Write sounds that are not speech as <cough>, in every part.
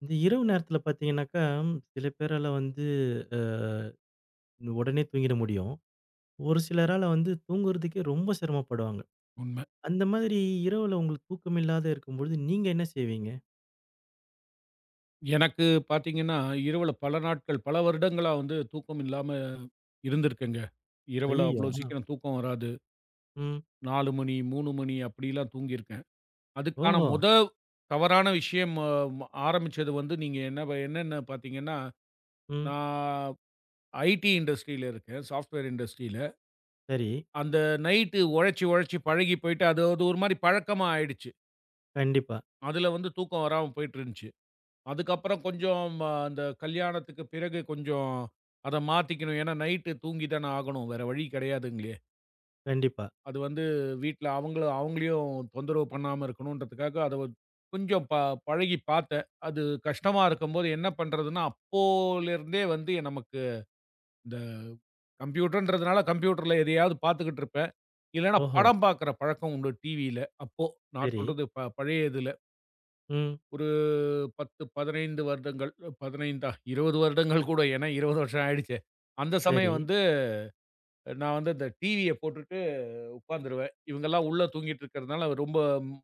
இந்த இரவு நேரத்துல பாத்தீங்கன்னாக்கா, சில பேறால வந்து அ உடனே தூங்கிற முடியும். ஒரு சிலரால வந்து தூங்குறதுக்கே ரொம்ப சிரமம் படுவாங்க. உண்ம. அந்த மாதிரி இரவுல உங்களுக்குத் தூக்கம் இல்லாத இருக்கும்போது நீங்க என்ன செய்வீங்க? எனக்குப் பாத்தீங்கன்னா இரவுல பல நாட்கள், பல வருடங்களா வந்து தூக்கம் இல்லாம இருந்திருக்கேன். இரவுல ஐய்யயோ. அவ்வளவு அ. சீக்கிரம் தூக்கம் வராது. ம். 4:00, 3:00 அப்படியெல்லாம் தூங்கியிருக்கேன். அதுக்கான ஓஹோ. மொத தவறான விஷயம் ஆரம்பிச்சது வந்து நீங்க என்ன என்னென்ன பாத்தீங்கன்னா, ம். நான் ஐடீ இண்டஸ்ட்ரில இருக்கேன் சாப்ட்வேர் இண்டஸ்ட்ரில. சரி. அந்த நைட்டு உழைச்சு உழைச்சு பழகிப் போயிட்டு, அது ஒரு மாதிரி பழக்கமா ஆயிடுச்சு. கண்டிப்பா. அதுல வந்து தூக்கம் வராம போயிட்டு இருந்துச்சு. அதுக்கப்புறம் கொஞ்சம் ம், அந்த கல்யாணத்துக்கு பிறகு கொஞ்சம் அதை மாத்திக்கணும். ஏன்னா நைட்டு தூங்கித்தானே ஆகணும். வேற வழி கிடையாதுங்களே. கண்டிப்பா. அது வந்து வீட்டுல அவங்கள அவங்களையும் தொந்தரவு பண்ணாம இருக்கணும்றதுக்காக அதை கொஞ்சம் ப பழகிப் பாத்தேன். அது கஷ்டமா இருக்கும்போது என்ன பண்றதுன்னா, அப்போல இருந்தே வந்து நமக்கு இந்த கம்ப்யூட்டர்ன்றதுனால, கம்ப்யூட்டர்ல எதையாவது பார்த்துக்கிட்டு இருப்பேன். இல்லைன்னா ஓஹோ. படம் பார்க்கிற பழக்கம் உண்டு டிவில. அப்போ நான் சரி. சொல்றது ப பழைய இதுல. ம். ஒரு 10, 15 வருடங்கள். 15தா 20 வருடங்கள் கூட <chuckles> ஏன்னா 20 வருஷம் ஆயிடுச்சே. அந்தச் சமயம் சரி. வந்து நான் வந்து இந்த டிவிய போட்டுட்டு உக்காந்துருவேன். இவங்கல்லாம் உள்ள தூங்கிட்டு இருக்கறதுனால ரொம்ப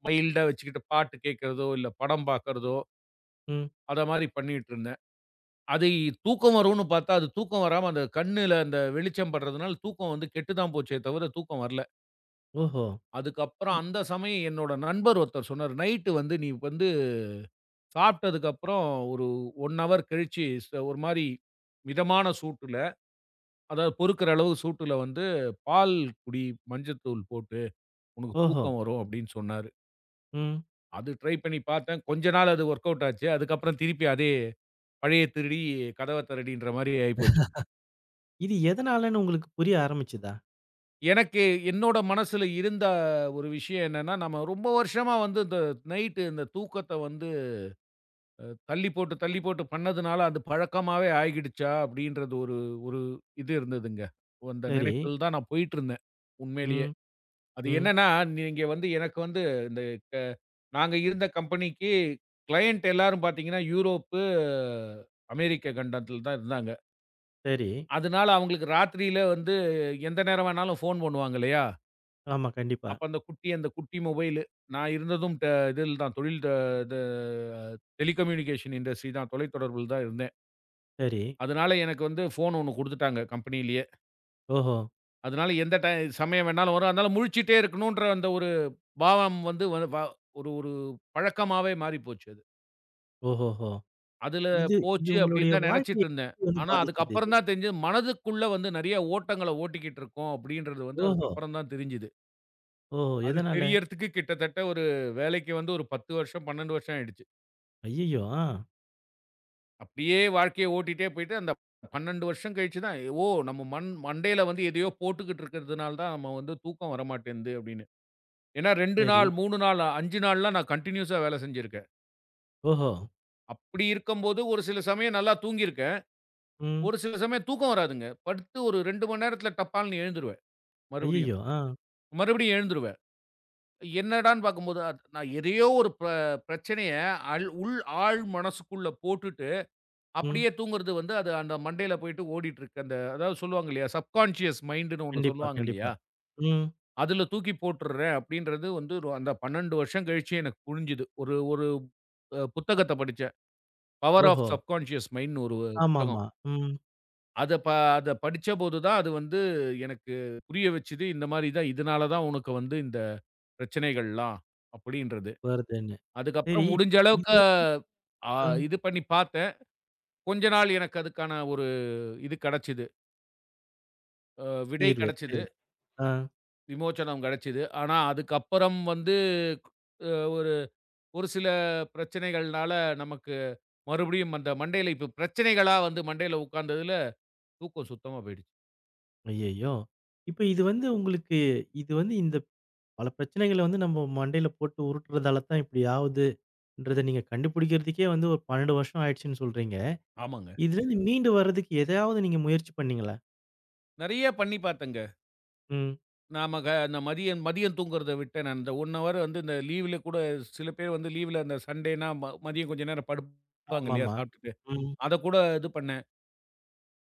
மைல்ட்டா வச்சுக்கிட்டு பாட்டு கேக்கறதோ இல்ல படம் பாக்கறதோ ம். அத மாரி பண்ணிட்டு இருந்தேன். அதைத் தூக்கம் வரும்னு பாத்தா அது தூக்கம் வராம அந்த கண்ணுல அந்த வெளிச்சம் படுறதுனால தூக்கம் வந்து கெட்டுதான் போச்சு தவிர தூக்கம் வரல. ஓஹோ. அதுக்கப்புறம் இ அந்தச் சமயம் என்னோட நண்பர் ஒருத்தர் சொன்னாரு. நைட்டு வந்து நீ வந்து சாப்பிட்டதுக்கப்புறம் ஒரு ஓன் ஹவர் கழிச்சு ச ஒரு மாரி மிதமான சூட்டுல, அதாவது பொறுக்குற அளவு சூட்டுல வந்து பால் குடி மஞ்சத்தூள் போட்டு உனக்குத் ஓஹோ. தூக்கம் வரும் அப்படின்னு சொன்னாரு. ம். அது ட்ரை பண்ணி பாத்தேன், கொஞ்ச நாள் அது வொர்க்கவுட் ஆச்சு அதுக்கப்புறம் திருப்பி அதே பழைய திருடி கதவத் திறடின்ற மாரி ஆயிப்போச்சு. <laughs> இது எதனாலன்னு உங்களுக்குப் புரிய ஆரம்பிச்சுதா? எனக்கு என்னோட மனசுல இருந்த ஒரு விஷயம் என்னன்னா, நாம ரொம்ப வருஷமா வந்து இந்த நைட்டு இந்தத் தூக்கத்த வந்து அ தள்ளிப் போட்டு, தள்ளிப் போட்டு பண்ணதுனால அது பழக்கமாவே ஆகிடுச்சா அப்படின்றது ஒரு ஒரு இது இருந்துதுங்க. அந்த சரி. நெனைப்பில் தான் நான் போயிட்டு இருந்தேன் உண்மையிலேயே. ம். அது ம். என்னன்னா, நீங்க வந்து எனக்கு வந்து இந்த நாங்க இருந்த கம்பெனிக்கு க்ளையன்ட் எல்லாரும் பாத்தீங்கன்னா யூரோப்பு, அமேரிக்க கண்டத்தில் தான் இருந்தாங்க. சரி. அதனால அவங்களுக்கு ராத்திரியில வந்து எந்த நேரம் வேணாலும் ஃபோன் பண்ணுவாங்க இல்லையா? ஆமா, கண்டிப்பா. அப்ப அந்தக் குட்டி அந்தக் குட்டி மொபைலு. நான் இருந்ததும் இதுல தான் தொழில் இது டெலிகம்யூனிகேஷன் இண்டஸ்ட்ரி தான். தொலைதொடரபுல தான் இருந்தேன். சரி. அதனால எனக்கு வந்து ஃபோன் ஒண்ணு குடுத்துட்டாங்க கம்பனிலயே ஓஹோ. அதனால எந்த டைம் சமயம் வேணாலும் வரும். அதனால முழிச்சுகிட்டே இருக்கணுன்ற அந்த ஒரு பாவம் வந்து ஒரு ஒரு பழக்கமாவே மாறிப்போச்சு அது. ஓஹோஹோ. அதுல இது இது போச்சு அப்படின்னு உங்களுடைய தான் நினைச்சுட்டு வாழ்க்கையை இருந்தேன். எப்படி வந்து ஆனா பாதிச்சது இது? அதுக்கப்புறம்தான் தெரிஞ்சு மனதுக்குள்ள வந்து நிறைய ஓட்டங்களை ஓட்டிக்கிட்டு இருக்கோம் அப்படின்றது வந்து ஓஹோ. அதுக்கப்புறம்தான் தெரிஞ்சுது. ஓஹோ. அது எதனால? தெரியறதுக்கு கிட்டத்தட்ட ஒரு வேலைக்கு வந்து ஒரு 10 வருஷம், 12 வருஷம் ஆயிடுச்சு. ஐய்யயோ. ஆ. அப்படியே வாழ்க்கையை ஓட்டிட்டே போயிட்டு அந்தப் 12 வருஷம் கழிச்சுதான் ஓ நம்ம மண்டையில வந்து எதையோ போட்டுகிட்டு இருக்கறதுனால தான் நாம வந்து தூக்கம் வரமாட்டேங்குது அப்படின்னு. ஏன்னா 2 சரி. நாள், 3 நாள், 5 நாள்லாம் நான் கண்டினியூஸா வேலை செஞ்சிருக்கேன். ஓஹோ. அப்படி இருக்கும்போது ஒரு சில சமயம் நல்லா தூங்கிருக்கேன். ம். ஒரு சில சமயம் தூக்கம் வராதுங்க. படுத்து ஒரு 2 நேரத்துல டப்பான்னு எழுந்துருவேன் மறுபடியும் ஐய்யயோ! ஆ. மறுபடியும் எழுந்துருவேன். என்னடான்னு பார்க்கும்போது நான் எதையோ ஒரு பிரச்சனையை அள உள் ஆழ் மனசுக்குள்ள போட்டுட்டு ம். அப்படியே தூங்குறது வந்து அது அந்த மண்டையில போயிட்டு ஓடிட்டு இருக்கு. அந்த அதாவது சொல்லுவாங்க இல்லையா சப்கான்ஷியஸ் மைண்டுன்னு ஒண்ணு கண்டிப்பா, சொல்லுவாங்க கண்டிப்பா. இல்லையா. ம். அதுல தூக்கி போட்டுடுறேன் அப்படின்றது வந்து அந்தப் 12 வருஷம் கழிச்சு எனக்குப் புரிஞ்சுது. ஒரு ஒரு அ புத்தகத்தைப் படிச்சேன். பவர் ஆஃப் ஓஹோ. சப்கான்ஷியஸ் மைண்ட்ன்னு ஒரு புத்தகம். ஆமாம்மா. ம். அத ப அத படிச்சபோது தான் அது வந்து எனக்குப் புரிய வச்சுது. இந்த மாதிரிதான். இதனால தான் உனக்கு வந்து இந்தப் பிரச்சனைகள்லாம் அப்படின்றது. வருதேன்னு சரி அதுக்கப்புறம் இப்ப முடிஞ்ச இது அளவுக்கு வந்து அ. இது பண்ணி பாத்தன். கொஞ்ச நாள் எனக்கு அதுக்கான ஒரு இது கிடைச்சுது. அ விடை தீர்வு கிடைச்சுது. சரி. ஆ. விமோச்சனம் கிடைச்சுது. ஆனா அதுக்கப்புறம் வந்து அ ஒரு ஒரு சில பிரச்சனைகள்னால நமக்கு மறுபடியும் அந்த மண்டையில இப்ப பிரச்சனைகளா வந்து மண்டையில உக்காந்ததுல தூக்கம் சுத்தமா போயிடுச்சு. ஐயையோ. இப்ப இது வந்து உங்களுக்கு இது வந்து இந்தப் பல பிரச்சனைகள வந்து நம்ப மண்டையில போட்டு உருட்டுறதால தான் இப்டி ஆவுதுன்றத நீங்கக் கண்டுபிடிக்குறதுக்கே வந்து ஒரு 12 வருஷம் ஆயிடுச்சுன்னு சொல்றீங்க. ஆமாங்க. இதுல இருந்து மீண்டு வர்றதுக்கு எதையாவது நீங்க முயற்சி பண்ணீங்களா? நெறைய பண்ணி பார்த்தேங்க. ம். நாம க இந்த மதியம் மதியம் தூங்குறத விட்டேன் நான். அந்த 1 ஹவர் வந்து இந்த லீவுல கூடச் சில பேர் வந்து லீவுல அந்த சண்டேன்னா ம மதியம் கொஞ்சம் நேரம் படுப்பாங்க இல்லையா ஆமாமா. சாப்டுட்டு. ம். அதக் கூட இது பண்ணேன்.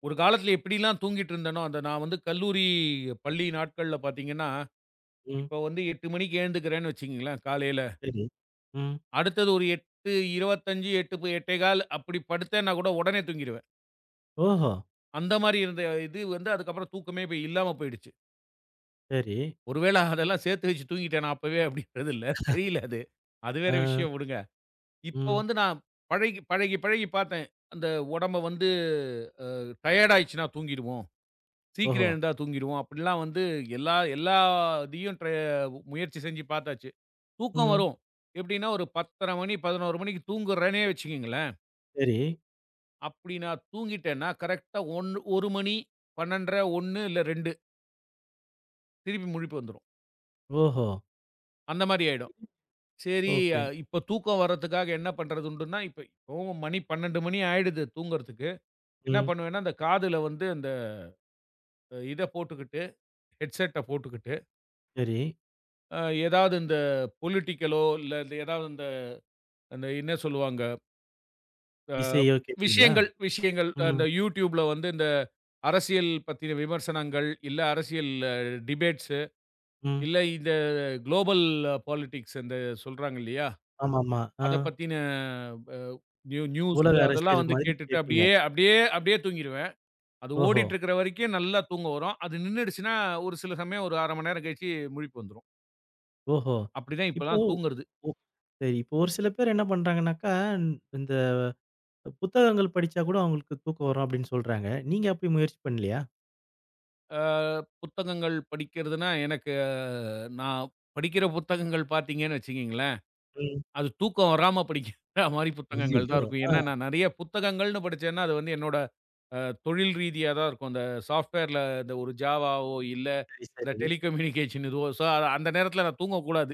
ஒரு காலத்துல எப்டில்லாம் தூங்கிட்டு இருந்தேனோ, அத நான் வந்து கல்லூரி, பள்ளி நாட்கள்ல பார்த்தீங்கன்னா, ம். இப்ப வந்து 8:00 மணிக்கு எந்துக்கிறேன்னு வச்சுக்கோங்களேன் காலையில. சரி. ம். அடுத்தது ஒரு 8:25, 8:00, 8:15 அப்டி படுத்தேன். நான் கூட உடனே தூங்கிருவேன். ஓஹோ. அந்த மாரி இருந்த இது வந்து அதுக்கப்புறம் தூக்கமே இப்ப இல்லாம போயிடுச்சு. சரி. ஒருவேள அதெல்லாம் சேத்து வச்சு தூங்கிட்டேனா அப்பவே அப்படிங்கிறது இல்ல, தெரியல அது. <laughs> அது ஆ. வேற விஷயம் விடுங்க. இப்ப ம். வந்து நான் பழகி பழகி பழகிப் பாத்தேன், அந்த உடம்பு வந்து அ, டையர்ட் ஆயிடுச்சுன்னா தூங்கிடுவோம், ஓஹோ. சீக்கிரம் எழுந்தா தூங்கிடுவோம், அப்படிலாம் வந்து எல்லா எல்லாத்தையும் ட்ர முயற்சி செஞ்சு பாத்தாச்சு. தூக்கம் ம். வரும். எப்படின்னா ஒரு 10:30 ,11 தூங்குறேனே வச்சுக்கோங்களேன். சரி. அப்படின்னா தூங்கிட்டேன்னா கரெக்ட்டா ஆ 1 1 மணி, 12:30, 1 இல்ல 2 திருப்பி முழிப்பு வந்துரும். ஓஹோ. அந்த மாதிரி ஆயிடும். சரி ஓகே. இப்ப தூக்கம் வர்றதுக்காக என்ன பண்றதுன்னுட்டுன்னா, இப்ப இப்பவும் மணி 12 மணி ஆயிடுது தூங்குறதுக்கு. என்ன ம். பண்ணுவேன்னா, அந்தக் காதுல வந்து இந்த இதப் போட்டுகிட்டு, ஹெட்ஸெட்ட போட்டுகிட்டு சரி. ஏதாவது இந்த பொலிட்டிக்கலோ இல்ல எதாவது அந்த அந்த என்ன சொல்லுவாங்க. அ, இசையோ கேட்டீங்களா? விஷயங்கள் விஷயங்கள். அந்த ம். YouTubeல வந்து இந்த அரசியல் பத்தின விமர்சனங்கள் இல்ல அரசியல் டிபேட்ஸ்ஸு ம். இல்ல இந்த குலோபல் பாலிட்டிக்ஸ் அந்த சொல்றாங்க இல்லையா? ஆமாம்மா. அ. அத பத்தின வ ந்யூ ந்யூஸ் உலக அதெல்லாம் அரசியல் வந்து மாதிரி கேட்டுட்டு கேப்பீங்க. அப்படியே அப்படியே அப்படியே தூங்கிருவேன். அது ஓஹோ. ஓடிட்டு இருக்கிற வரைக்கும் நல்லா தூக்கம் வரும். அது நின்னுடுச்சுனா ஒரு சில சமயம் ஒரு 1 மணி நேரம் கழிச்சு முழிப்பு வந்துரும். ஓஹோ! அப்டி தான் இப்போ, இப்பலாம் தூங்குறது. ஓ அ, இப்போ ஒரு சில பேர் என்ன பண்றாங்கன்னாக்கா, இந் இந்த புத்தகங்கள் படிச்சா கூட அவங்களுக்கு தூக்கம் வரும் அப்படின்னு சொல்றாங்க. நீங்க அப்படி முயற்சி பண்ணலையா? ஆ, புத்தகங்கள் படிக்கிறதுன்னா, எனக்கு அ, நான் படிக்கிற புத்தகங்கள் பாத்தீங்கன்னு வச்சுக்கோங்களேன். ம். அது தூக்கம் வராம படிக்கிற மாதிரி புத்தகங்கள்தான் அய்யயோ. இருக்கும். ஆ. ஏன்னா, நான் நிறைய புத்தகங்கள்னு படிச்சேன்னா, அது என்னோட தொழில் ரீதியாகத்தான் இருக்கும். இந்த சாஃப்ட்வேர்ல இந்த ஒரு ஜாவாவோ இல்ல சரி, இந்த சரி. டெலிகம்யூனிகேஷன் எதோ சோ அந்த நேரத்துல நான் தூங்கக்கூடாது.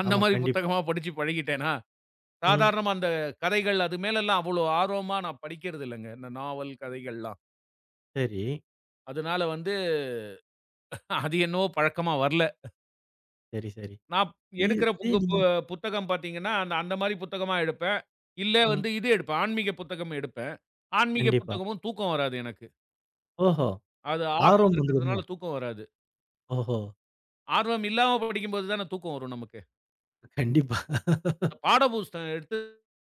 அந்த ஆமா, மாதிரி கண்டிப்பா. புத்தகமா படிச்சுப் பழகிட்டேனா, ம். சாதாரண அந்தக் கதைகள். அது மேல எல்லாம் அவ்வளவு ஆர்வமா நான் படிக்கிறதில்லைங்க. இந்த நாவல் கதைகள்லாம். சரி. அதனால வந்து அது என்னவோ பழக்கமா வரல. சரி, சரி. நான் இ எடுக்குற இதும் <unintelligible> புத்தகம் பாத்தீங்கன்னா, அந் அந்த மாதிரி புத்தகமா எடுப்பேன். இல்ல ம். வந்து இது எடுப்பேன். ஆன்மீக புத்தகம் எடுப்பேன். ஆன்மீக கண்டிப்பா. புத்தகமும் தூக்கம் வராது எனக்கு. ஓஹோ! அது ஆர்வம் ஆர்வம் வந்துருமோ? இருக்குறதுனால தூக்கம் வராது. ஓஹோ! ஆர்வம் இல்லாம படிக்கும் போது தான் தூக்கம் வரும் நமக்கு. கண்டிப்பா. <laughs> பாடப்புஸ்தகம் எடுத்து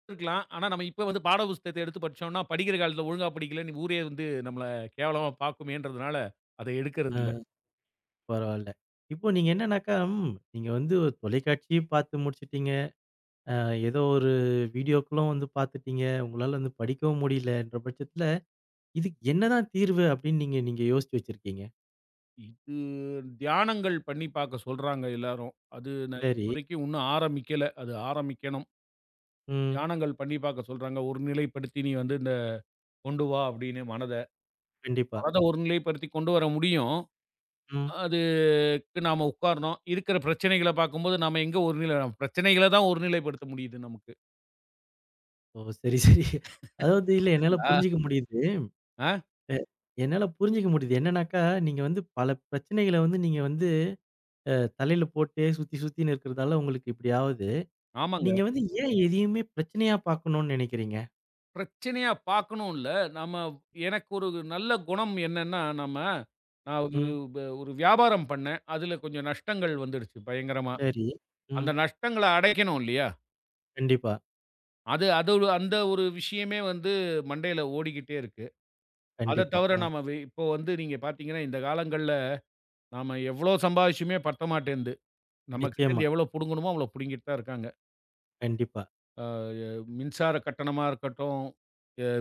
இருக்கலாம். ஆனா நாம இப்ப வந்து பாடப்புஸ்தகத்த எடுத்துப் படிச்சோம்னா, படிக்கிற காலத்துல ஒழுங்கா படிக்கலன்னு, ஊரே வந்து நம்மள கேவலமா பாக்குமேன்றதுனால அதை அ, எடுக்குறதில்ல. பரவாயில்ல. இப்போ நீங்க என்னன்னாக்கா, ம், நீங்க வந்து ஒரு தொலைக்காட்சி பாத்து முடிச்சிட்டீங்க, ஏதோ ஒரு வீடியோக்குளும் வந்து பார்த்துட்டீங்க, உங்களால வந்து படிக்கவும் முடியலைன்ற பட்சத்துல, இதுக்கு என்னதான் தீர்வு அப்படின்னு நீங்க நீங்க யோசிச்சு வச்சிருக்கீங்க? இது தியானங்கள் பண்ணி பாக்கச் சொல்றாங்க எல்லாரும். அது நான் சரி. இப்போதைக்கு இன்னும் ஆரம்பிக்கல. அது ஆரம்பிக்கணும். ம். தியானங்கள் பண்ணி பாக்கச் சொல்றாங்க, ஒருநிலைப்படுத்தி நீ வந்து இந்த கொண்டு வா அப்படின்னு மனத. கண்டிப்பா. மனத ஒருநிலைப்படுத்தி கொண்டு வர முடியும். ம். அதுக்கு நாம உக்காரணும். இருக்கிற பிரச்சனைகள பார்க் கும்போது, நாம எங்க ஒரு நிலை பிரச்சனைகளத் தான் ஒருநிலைப்படுத்த முடியுது நமக்கு. ஓ சரி, சரி. அது வந்து <chuckles> இல்ல என்னால அப்புடீங்களா? புரிஞ்சுக்க முடியுது. அ? அ, என்னால புரிஞ்சுக்க முடியுது. என்னன்னாக்கா நீங்க வந்து பல பிரச்சனைகள வந்து நீங்க வந்து தலையில போட்டுடே சுத்தி சுத்தி இருக்கறதால, உங்களுக்கு இப்படியாவது. ஆமாங்க. நீங்க வந்து ஏன் எதையுமே பிரச்சனையா பாக்கணும்னு நினைக்கிறீங்க? ம். பிரச்சனையா பாக்கணும் இல்ல. நாம எனக்கு ஒரு நல்ல குணம் என்னன்னா, நாம ம். ஒரு வியாபாரம் பண்ணேன், அதுல கொஞ்சம் நஷ்டங்கள் வந்துருச்சு பயங்கரமா. சரி. அந்த ம். நஷ்டங்கள அடைக்கணும் இல்லையா? கண்டிப்பா. அது அதுவ அந்த ஒரு விஷயமே வந்து மண்டையில ஓடிக்கிட்டே இருக்கு. அத கண்டிப்பா. தவர அ. நாம அது இப்போ வந்து நீங்கப் பாத்தீங்கன்னா இந்தக் காலங்கள்ல நாம எவ்ளோ சம்பாதிச்சமே பத்தமாட்டேன்னுந்து நம்மகிட்ட நிச்சியமா. இருந்து எவ்ளோ புடுங்கனுமோ அவ்ளோ புடுங்கிட்டு தான் இருக்காங்க. கண்டிப்பா. ஆ மின்சார கட்டணமா இருக்கட்டும்,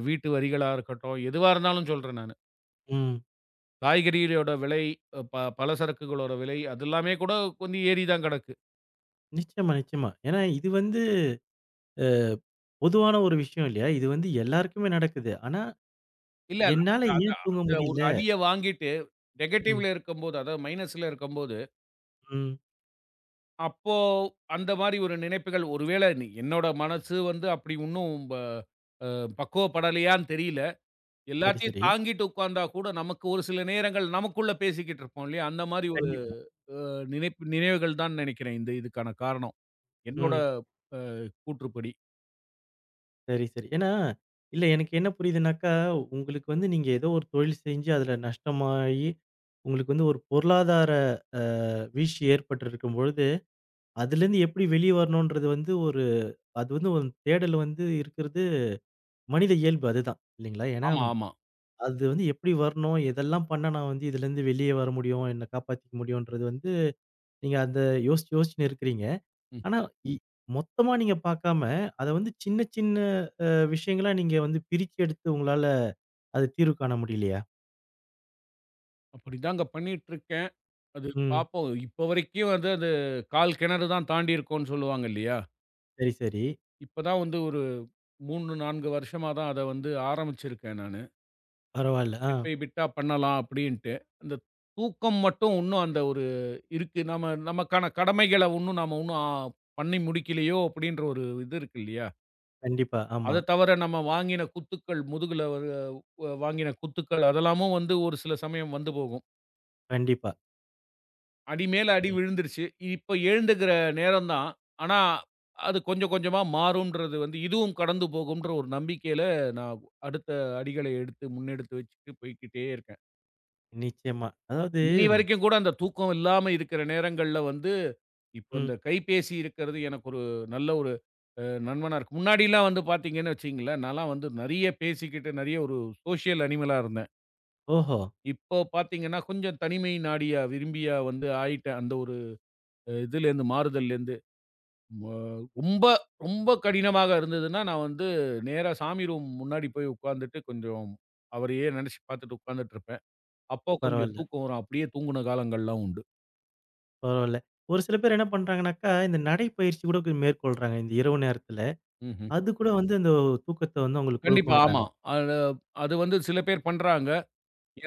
வீட்டு வரிகளா இருக்கட்டும், எதுவா இருந்தாலும் சொல்றேன் நானு. ம். காய்கறிகளோட விலை, அ ப பல சரக்குகளோட விலை அதெல்லாமே கூடக் கொஞ்சம் ஏறிதான் கடக்கு. நிச்சியமா, நிச்சியமா. ஏன்னா இது வந்து அ பொதுவான ஒரு விஷயம் இல்லையா? இது வந்து எல்லாருக்குமே நடக்குது. ஆனா, இல்ல. அந்த என்னால அந்த ஏன் தூங்க அந்த ஒரு முடியல? அடிய வாங்கிட்டு ம். நெகட்டிவ்ல இருக்கும்போது அதாவது மைனஸ்ல இருக்கும்போது ம். அப்போ அந்த மாரி ஒரு நினைப்புகள். ஒருவேள நீ என்னோட மனசு வந்து அப்டி ஒண்ணும் ப அ பக்குவப்படலையான்னு தெரியல. சரி, எல்லாத்தையும் சரி. தாங்கிட்டு உக்காந்தா கூட நமக்கு ஒரு சில நேரங்கள் நமக்குள்ள பேசிக்கிட்டுருப்போம் இல்லையா? அந்த மாரி ஒரு கண்டிப்பா. அ நினைப்பு நினைவுகள் தான் நெனைக்கிறேன். இதுக்கான காரணம் என்னோட ம். அ கூற்றுப்படி. சரி, சரி. ஏன்னா, இல்ல எனக்கு என்ன புரியுதுன்னாக்கா உங்களுக்கு வந்து நீங்க ஏதோ ஒரு தொழில் செய்து அதில் நஷ்டமாகி, உங்களுக்கு வந்து ஒரு பொருளாதார அ, வீழ்ச்சி ஏற்பட்டு இருக்கும்போது அதிலிருந்து எப்படி வெளிய வரணும்ன்றது வந்து, ஒரு அது வந்து ஒரு தேடல் வந்து இருக்குறது மனித இயல்பு அதுதான். இல்லைங்களா? ஏன்னா ஆமா ஆமா. அது வந்து எப்படி வரணும்? எதெல்லாம் பண்ணா நான் வந்து இதிலிருந்து வெளிய வர முடியும்? என்ன காப்பாத்திக்க முடியுன்றது வந்து நீங்க அதை யோசிச்சு யோசிச்சு இருக்கிறீங்க. ம். ஆனா மொத்தமா நீங்க பாக்காம அதை வந்து சின்ன சின்ன விஷயங்களா நீங்க வந்து பிரிச்சு எடுத்து உங்களால அது தீர்வு காண முடியவில்லையா? அப்படித்தான்ங்க பண்ணிக்கொண்டு இருக்கிறேன். அது ம். பார்ப்போம். இப்ப வரைக்கும் அது அது கால் கிணறுதான் தாண்டி இருக்கிறோம்னு சொல்லுவாங்க இல்லையா? சரி, சரி. இப்பதான் வந்து ஒரு 3 4 வருஷமாதான் அதை வந்து ஆரம்பித்திருக்கிறேன் நானு. பரவாயில்லை. Bit ah. பை பிட்டா பண்ணலாம் அப்படின்னு விட்டு. அந்தத் தூக்கம் மட்டும் ஒன்றும் அந்த ஒரு இருக்கு. நாம நமக்கான கடமைகளை ஒன்றும் நாம பண்ணி முடிக்கவில்லையோ அப்படி என்ற ஒரு இது இருக்கு இல்லையா? கண்டிப்பா ஆமா. அதைத் தவிர, நாம வாங்கின குத்துக்கள், முதுகில் வாங்கின குத்துக்கள், அதெல்லாம் வந்து ஒரு சில சமயம் வந்து போகும். கண்டிப்பா. அடிமேல் அடி ம். விழுந்துருச்சு. இப்ப எழுந்துக்கிற நேரம் தான். ஆனா அது கொஞ்சம் கொஞ்சமா மாறும்ன்றது வந்து, இதுவும் கடந்து போகும்ன்ற ஒரு நம்பிக்கையில நான் அடுத்த அடிகளை எடுத்து முன்னெடுத்து வச்சுட்டு போய்க்கிட்டே இருக்கேன். நிச்சயமா. அதாவது இன்னிய வரைக்கும் கூட அந்தத் தூக்கம் இல்லாம இருக்கிற நேரங்கள்ல வந்து, இப்போ ம். அந்தக் கைப்பேசி இருக்கறது எனக்கு ஒரு நல்ல ஒரு அ நண்பனா இருக்கு. முன்னாடிலாம் வந்து பாத்தீங்கன்னு வச்சுக்கோங்களேன், நான்லாம் வந்து நெறைய பேசிக்கிட்டு நெறைய ஒரு சோசியல் அனிமலா இருந்தேன். ஓஹோ! இப்போ பாத்தீங்கன்னா கொஞ்சம் தனிமை நாடிய விரும்பியா வந்து ஆயிட்டேன். அந்த ஒரு அ இதுல இருந்து மாறுதல்ல இருந்து ப ரொம்ப ரொம்ப கடினமா இருந்ததுன்னா, நான் வந்து நேரா சாமி ரூம் முன்னாடி போய் உக்காந்துட்டு கொஞ்சம் அவரையே நெனைச்சு பாத்துட்டு உக்காந்துட்டுருப்பேன். அப்போ கொஞ்சம் பரவாயில்ல. தூக்கம் வரும். அப்டியே தூங்குன காலங்கள்லாம் உண்டு. பரவால. ஒரு சில பேர் என்ன பண்றாங்கன்னாக்கா, இந்த நடைப்பயிற்சி கூட மேற்கொள்ளறாங்க இந்த இரவு நேரத்துல. ம்ஹ்ம். அது கூட வந்து இந்த தூக்கத்த வந்து உங்களுக்குக் கண்டிப்பா ஆமா. குடுக்கும்ன்றாங்க. அட அது வந்து சில பேர் பண்றாங்க.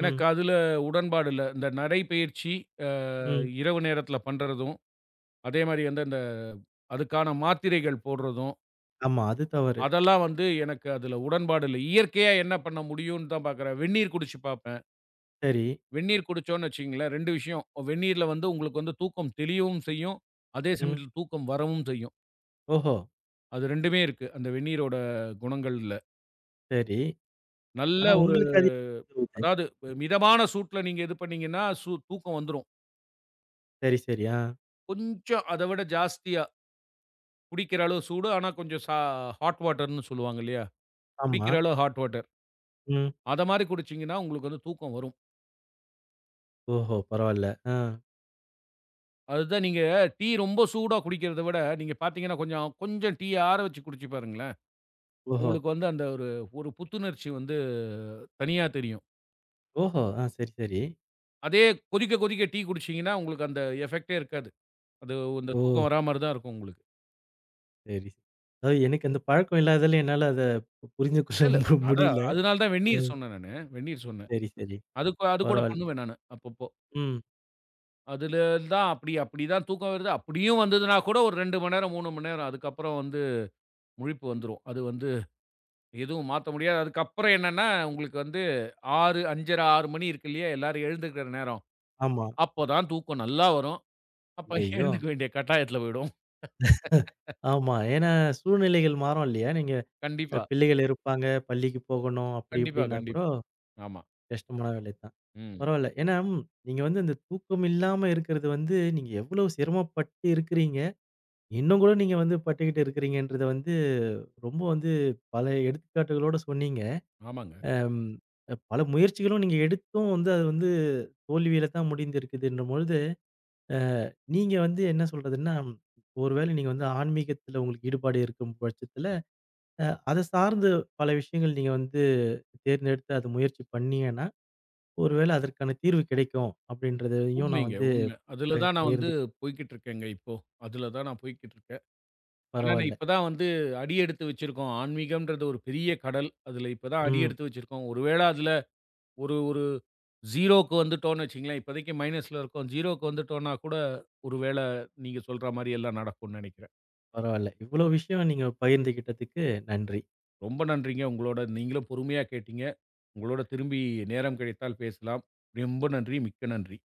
எனக்கு அதுல உடன்பாடு இல்ல. இந்த நடை பயிற்சி ஆ ம். இரவு நேரத்துல பண்றதும், அதே மாதிரி அந்த அதுக்கான மாத்திரைகள் போடுறதும். ஆமா அது தவறு. அதெல்லாம் வந்து எனக்கு அதுல உடன்பாடு இல்ல. இயற்கையா என்ன பண்ண முடியும்னு தான் பாக்குறேன். வெந்நீர் குடிச்சு பாப்பேன். சரி. வெந்நீர் குடிச்சோம்னு வச்சுக்கோங்களேன், 2 விஷயம். வெந்நீரில வந்து உங்களுக்கு வந்து தூக்கம் தெளியவும் செய்யும். அதே ம். சமயத்துல தூக்கம் வரவும் செய்யும். ஓஹோ. அது 2 இருக்கு. அந்த வெந்நீரோட குணங்கள்ல. சரி. நல்ல ஆனா ஒரு உங்களுக்கு அது அதாவது <unintelligible> மிதமான சூட்டுல நீங்க இது பண்ணீங்கன்னா சூ தூக்கம் வந்துரும். சரி, சரி ஆ. கொஞ்சம் அதைவிட ஜாஸ்தியா. குடிக்கிற அளவு சூடு ஆனா கொஞ்சம் ஹாட் வாட்டர்ன்னு சொல்லுவாங்க இல்லையா? ஆமா. குடிக்கிற அளவு ஹாட் வாட்டர். ம். அத மாரி குடிச்சீங்கன்னா உங்களுக்கு வந்து தூக்கம் வரும். ஓஹோ பரவாயில்ல. அ. அது தான் நீங்க டீ ரொம்ப சூடா குடிக்கிறதை விட, நீங்க பாத்தீங்கன்னா கொஞ்சம், கொஞ்சம் டீ ஆற வச்சு குடிச்சு பாருங்களேன். ஓஹோ. உங்களுக்கு வந்து அந்த ஒரு ஒரு புத்துணர்ச்சி வந்து தனியா தெரியும். ஓஹோ. ஆ சரி, சரி. அதே கொதிக்க கொதிக்க டீ குடிச்சீங்கன்னா உங்களுக்கு அந்த எஃபக்ட்டே இருக்காது. அது, அந்த தூக்கம் ஓ. வர மாரி தான் இருக்கும் உங்களுக்கு. சரி. அதாவது எனக்கு அந்தப் பழக்கம் இல்லாததுதால என்னால அத இல்ல, இல்ல. புரிந்துகொள்ள அதான் முடியல. அதனால தான் வெந்நீர் சொன்னேன் நானு. வெந்நீர் சொன்னேன். சரி, சரி. அது கூட அது கூட பரவாயில் பண்ணுவேன் நானு அப்பப்போ. ம். அதுலந்தான் அப்டி அப்டி தான் தூக்கம் வருது. அப்டியும் வந்ததுன்னா கூட ஒரு 2 மணி நேரம், 3 மணி நேரம். அதுக்கப்புறம் வந்து முழிப்பு வந்துரும். அது வந்து எதுவும் மாத்த முடியாது. அதுக்கப்புறம் என்னன்னா, உங்களுக்கு வந்து 6, 5.30, 6 மணி இருக்கு இல்லையா? எல்லாரும் எழுந்திருக்கிற நேரம். ஆமா. அப்பதான் தூக்கம் நல்லா வரும். அப்ப ஐயையோ. எழுந்திருக்க வேண்டிய கட்டாயத்துல போயிடும். <chuckles> ஆமா. ஏன்னா சூழ்நிலைகள் மாறும் இல்லையா? நீங்கப் கண்டிப்பா. பிள்ளைகள் இருப்பாங்க. பள்ளிக்கு போகணும். அப்டி கண்டிப்பா, இப்டின்னாக்கூட கண்டிப்பா. ஆமா. கஷ்டமான வேலைதான். ம். பரவாயில்ல. ஏன்னா நீங்க வந்து அந்தத் தூக்கம் இல்லாம இருக்கிறது வந்து, நீங்க எவ்வளோ சிரமப்பட்டு இருக்கிறீங்க. இன்னும் கூட நீங்க வந்து பட்டுகிட்டு இருக்கிறீங்கன்றத வந்து ரொம்ப வந்து பல எடுத்துக்காட்டுகளோட சொன்னீங்க. ஆமாங்க. ஆ பல முயற்சிகளும் நீங்க எடுத்தும் வந்து, அது வந்து தோல்வியில்தான் முடிஞ்சிருக்குதுன்னு போழுது, அ நீங்க வந்து என்ன சொல்றதுன்னா, ஒருவேள நீங்க வந்து ஆன்மீகத்துல உங்களுக்கு ஈடுபாடு இருக்கும் பட்சத்துல, அதச் சார்ந்து பல விஷயங்கள் நீங்க வந்து தேர்ந்தெடுத்து அதை முயற்சி பண்ணீங்கன்னா, ஒருவேள அதற்கான தீர்வு கிடைக்கும் அப்டின்றதையும் நான் உண்மைங்க, வந்து உண்மை. ப அதுல தான் நான் வந்து பகிர்ந்து போய்க்கிட்டு இருக்கேங்க இப்போ. அதுல தான் நான் போய்க்கிட்டு இருக்கேன். ஆனா நான் பரவாயில்ல. இப்பதான் வந்து அடி எடுத்து வச்சிருக்கோம். ஆன்மீகம்ன்றது ஒரு பெரிய கடல். அதுல இப்பதான் அடி ம். எடுத்து வச்சிருக்கோம். ஒருவேள அதுல ஒரு ஒரு 0க்கு வந்துட்டோம்னு வச்சுக்கோங்களேன். இப்போதைக்கு மைனஸ்ல இருக்கோம்.0க்கு வந்துட்டோம்னா கூட ஒருவேள நீங்கச் சொல்ற மாரி எல்லாம் நடக்கும்னு நெனைக்கிறேன். பரவாயில்ல. இவ்வளோ விஷயம் நீங்கப் பகிர்ந்துகிட்டதுக்கு நன்றி. ரொம்ப நன்றிங்க, உங்களோட நீங்களும் பொறுமையா கேட்டீங்க. உங்களோட திரும்பி நேரம் கிடைத்தால் பேசலாம். ரொம்ப நன்றி. மிக்க நன்றி.